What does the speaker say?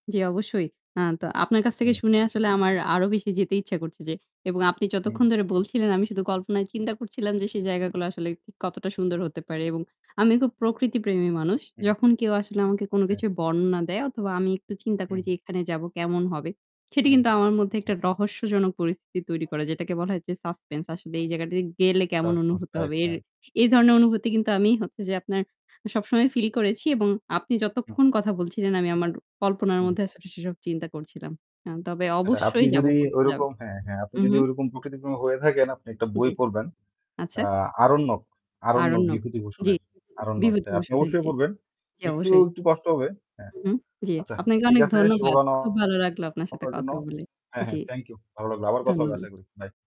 জি অবশ্যই। আ তো আপনার কাছ থেকে হু। শুনে আসলে আমার আরও বেশি যেতে ইচ্ছা করছে যে এবং আপনি অ্যা যতক্ষণ ধরে [unintelligible] বলছিলেন, আমি শুধু কল্পনায় চিন্তা করছিলাম যে সে জায়গাগুলো আসলে ঠিক কতটা সুন্দর হতে পারে এবং আমি খুব প্রকৃতি প্রেমী মানুষ। হু। যখন কেউ আসলে আমাকে কোন অ্যা কিছুর বর্ণনা দেয় অথবা আমি একটু চিন্তা করি হু। যে এখানে যাবো, কেমন হবে? সেটি হু, কিন্তু আমার মধ্যে হু। একটা রহস্যজনক পরিস্থিতি তৈরি করে। যেটাকে বলা হয় যে suspense আসলে এই জায়গাটিতে গেলে কেমন suspense অনুভূতি টাইপ, হবে? এর হ্যাঁ। এই ধরনের অনুভূতি কিন্তু আমি হচ্ছে যে আপনার আ সবসময় feel করেছি এবং আপনি উ যতক্ষণ কথা বলছিলেন, আমি আমার কল্পনার হু। মধ্যে আসলে সেসব চিন্তা করছিলাম। হ্যাঁ, তবে এটা আপনি অবশ্যই যাবো, যদি ঘুরতে যাবো। ঐরকম হ্যাঁ, হ্যাঁ, আপনি উ যদি হু। ঐরকম প্রকৃতি প্রেমী হয়ে থাকেন, আপনি একটা জি, বই পড়বেন, আচ্ছা। আ 'আরণ্যক', 'আরণ্যক' 'আরণ্যক। জি, বিভূতিভূষণের 'আরণ্যক'। হ্যাঁ, আপনি বিভূতিভূষণের। অবশ্যই জি, পড়বেন। জি, একটু, অবশ্যই। একটু কষ্ট হবে হ্যাঁ, উহু। জি, আচ্ছা আপনাকে ঠিক অনেক আছে শুভ ধন্যবাদ। কামনা খুব ভালো লাগলো আপনার সাথে আপনার জন্য, কথা বলে। হ্যাঁ, জি, হ্যাঁ thank you. ভালো লাগলো, আবার কথা হবে ধন্যবাদ। আশা করি। Bye.